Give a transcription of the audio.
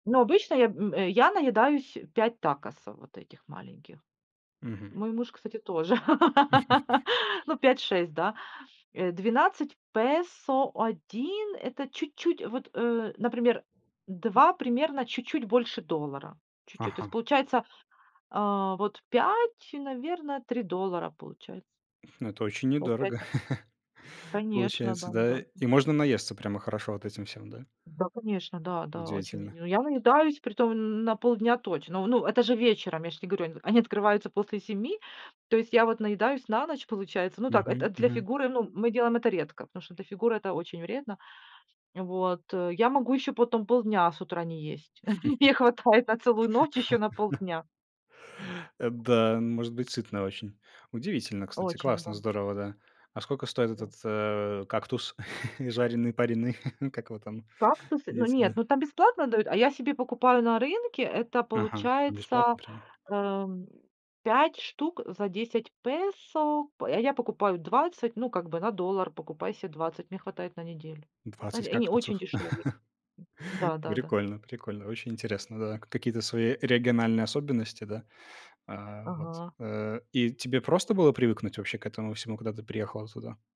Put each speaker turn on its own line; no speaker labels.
Но обычно я, м, э, я наедаюсь 5 такосов вот этих маленьких.
Мгм.
Мой муж, кстати, тоже. Ну, пять шесть, да. Э, 12 песо, 1- это чуть-чуть, вот, э, например, 2- примерно чуть-чуть больше доллара, чуть-чуть, то есть
Ага.
получается, а, вот 5, наверное, 3 доллара получается.
М, ну, это очень
Ну, 5.
недорого
Конечно,
получается,
да,
да,
недорого.
и можно наесться прямо хорошо вот этим всем, да.
Да, конечно, да. Да, очень, м.
Удивительно.
Ну, я наедаюсь, притом н на полдня точно. Ну, это же вечером, я ж те говорю. Они открываются после 7. То есть я вот наедаюсь на ночь, получается. Ну, так это
Мгм,
для
мгм.
фигуры, ну, мы делаем это редко, потому что для фигуры это очень вредно. Вот, э, я могу еще потом полдня с утра не есть. Мне хватает на целую ночь, еще на полдня.
Э, да, н может быть сытно очень. Удивительно, кстати,
Очень
классно,
да.
здорово, да. А сколько стоит
Вот.
этот, э, кактус, жареный, пареный, как его там
Кактусы? Ну,
едите,
нет,
да?
ну, там бесплатно дают, а я себе покупаю на рынке, это
Ага,
получается,
бесплатно прямо.
эм, 5 штук за 10 песо, п а я покупаю 20, ну, как бы, на доллар покупаю себе 20, мне хватает на неделю. Э,
20
они очень
кактусов.
дешёвые, да-да-да.
Прикольно прикольно, очень интересно, да. Какие-то свои региональные особенности, да? А вот,
Ага.
э И тебе просто было привыкнуть вообще к этому всему, когда ты приехала туда?